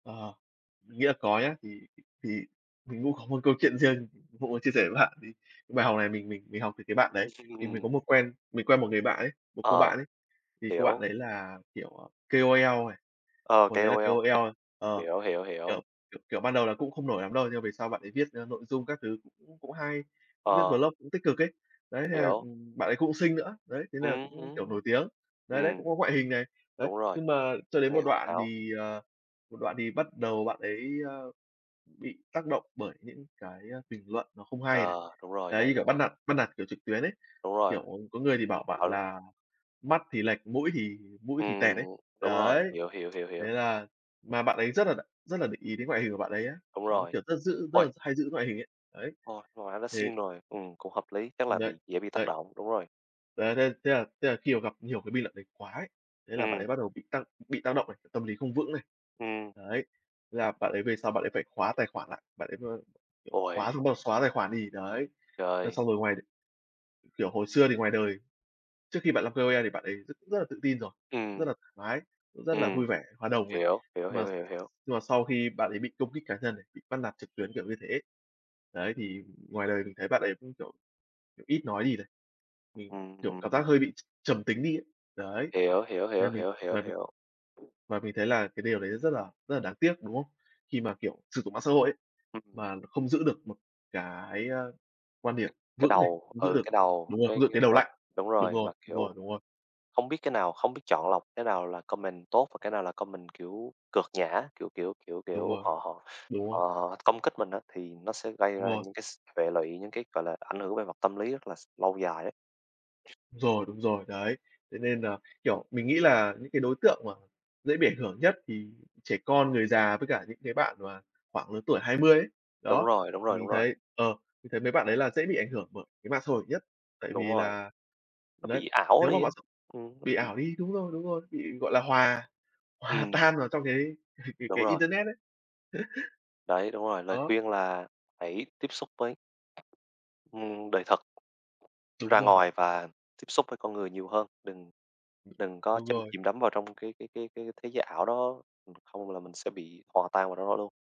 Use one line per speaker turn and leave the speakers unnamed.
Ờ, nghĩa là có nhá. Thì thì mình mũ có một câu chuyện riêng, cũng muốn chia sẻ với các bạn, thì bài học này mình mình mình học từ cái bạn đấy. Thì mình có
[unintelligible]
một quen mình quen một người bạn ấy, một cô
Ờ,
bạn ấy, thì cô bạn
hiểu.
đấy là, kiểu, ờ, KOL này,
Ờ,
hồi đấy là
KOL.
KOL. Ờ.
Hiểu, hiểu, hiểu.
Kiểu kiểu kiểu, ban đầu là cũng không nổi lắm đâu, nhưng mà về sau bạn ấy viết, ơ, nội dung các thứ cũng cũng hay, cũng viết
Ờ.
vlog cũng tích cực ấy. Đấy, thế là,
Hiểu.
ừm, bạn ấy cũng xinh nữa, đấy, thế nà
Ừm
cũng, kiểu,
hứm.
nổi tiếng. Đấy, đấy,
Ừm,
cũng có ngoại hình này, đấy.
đúng rồi.
Nhưng mà cho đến
Nghe
một
hoàn
đoạn
hảo.
thì, ờ, một đoạn thì bắt đầu bạn ấy, ơ, bị tác động bởi những cái, a, bình luận nó không hay này.
Ờ, đúng rồi,
Đấy,
lời
như kiểu bắt
lẽ.
nạt bắt nạt, kiểu, trực tuyến ấy,
Đúng rồi.
kiểu, có người thì bảo bạn
Phải luôn.
là "Mắt thì lệch, mũi thì mũi thì tẹt" ấy.
Ừm, đúng rồi.
Đấy!
Hiểu, hiểu, hiểu,
Thế
hiểu.
là mà bạn ấy rất đà rất là để ý đến ngoại hình của bạn ấy á,
Đúng
đó,
rồi.
kiểu, rất giữ rất
Uầy!
là hay giữ ngoại hình ấy. Ấy,
Ôi, cô gái đã
thì
xinh rồi, ừm, cũng hợp lý. Chắc
Ừm,
là
đấy,
bị dễ bị tác
đấy.
động, đúng rồi.
Đấy, đấy, thế là thế là khi mà gặp nhiều cái bình luận đấy quá ấy, thế là bạn
Ừm.
ấy bắt đầu bị tăng bị tác động này, tâm lý không vững này.
Ừm.
Đấy, thế là bạn ấy về sau bạn ấy phải khóa tài khoản lại, bạn ấy m kiểu, khóa
Uầy!
xong bắt đầu xóa tài khoản đi, đấy. Thế
Trời.
xong rồi ngoài kiểu, hồi xưa thì ngoài đời, trước khi bạn làm KOL thì bạn ấy rất cũng rất là tự tin rồi, cũng rất
Ừm.
là thoải mái, cũng rất là
Ừm.
vui vẻ, hòa đồng này.
Hiểu, hiểu,
Nhưng mà
hiểu, hiểu, hiểu.
nhưng mà sau khi bạn ấy bị công kích cá nhân này, bị bắt nạt trực tuyến kiểu như thế ấy, đấy, thì ngoài đời mình thấy bạn ấy cũng, kiểu kiểu, ít nói đi này, ừm, kiểu, cảm giác
Ừm.
hơi bị tr trầm tính đi ấy. Đấy,
Hiểu, hiểu, hiểu,
nên mình
hiểu, hiểu,
và mình
hiểu.
và mình thấy là cái điều đấy rất là rất là đáng tiếc, đúng không? Khi mà, kiểu, sử dụng mạng xã hội ấy,
Ừm.
mà không giữ được một cái, a, quan điểm
Cái
vững này,
đầu,
không giữ
ừ,
được
cái đầu,
đúng rồi,
cái
không giữ
cái
cái đầu
mà
lạnh.
đúng
Đúng
rồi, mà,
rồi, đúng
kiểu,
rồi, đúng rồi.
không biết cái nào không biết chọn lọc cái nào là comment tốt và cái nào là comment, kiểu, cợt nhả, kiểu kiểu kiểu
Đúng
kiểu,
rồi,
họ họ
đúng rồi.
họ họ công kích mình á, thì nó sẽ gây
Đúng
ra
rồi.
những cái s hệ lụy, những cái, gọi là, ảnh hưởng về mặt tâm lý rất là s lâu dài ấy.
Đúng rồi, đúng rồi, đấy. Thế nên nà, kiểu, mình nghĩ là những cái đối tượng mà dễ bị ảnh hưởng nhất, thì trẻ con, người già với cả những cái bạn mà khoảng lứa tuổi 20 ấy,
Đúng
đó,
rồi, đúng
thì
rồi, đúng
mình
rồi.
thấy, ờ, mình thấy mấy bạn đấy là dễ bị ảnh hưởng bởi cái mạng xã hội nhất, tại
Đúng
vì
rồi.
là,
Nó
đấy,
bị ảo
nếu mà
đi á,
mạng xã [unintelligible]
ừm, nó
bị
bị
ảo đi, đúng rồi, đúng rồi, bị, gọi là, hòa hòa
Ừm.
tan vào trong cái cái
Đúng
cái
rồi.
internet ấy.
Đấy, đúng rồi, lời
Á.
khuyên là hãy tiếp xúc với ừm, đời thật.
Đúng
Ra
rồi.
ngoài và tiếp xúc với con người nhiều hơn. Đừng đừng có
Đúng
chăm
rồi.
chìm đắm vào trong cái cái cái cái thế giới ảo đó, không là mình sẽ bị hòa tan vào rong đó luôn.